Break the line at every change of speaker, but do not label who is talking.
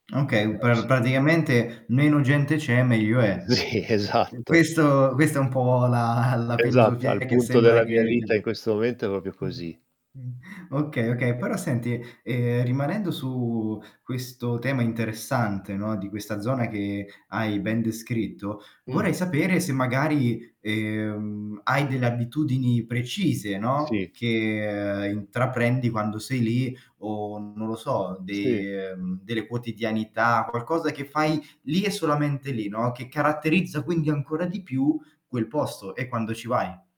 Okay, u
Però
per
sì.
praticamente meno gente c'è, meglio è.
Sì, esatto.
Questo questo è un po' la la
Esatto,
filosofia
al
che
punto
sembra
della mia
che
vita in
[unintelligible]
questo momento è proprio
mh.
così.
Okay, okay, però senti, ehm, rimanendo su questo tema interessante, no, di questa zona che hai ben descritto, vorrei
Mh-mh.
sapere se magari, ehm, hai delle abitudini precise, no,
Sì.
che intraprendi quando sei lì o non lo so,
Sì.
di mhmm, delle quotidianità, qualcosa che fai lì e solamente lì, no, che caratterizza quindi ancora di più quel posto e quando ci vai.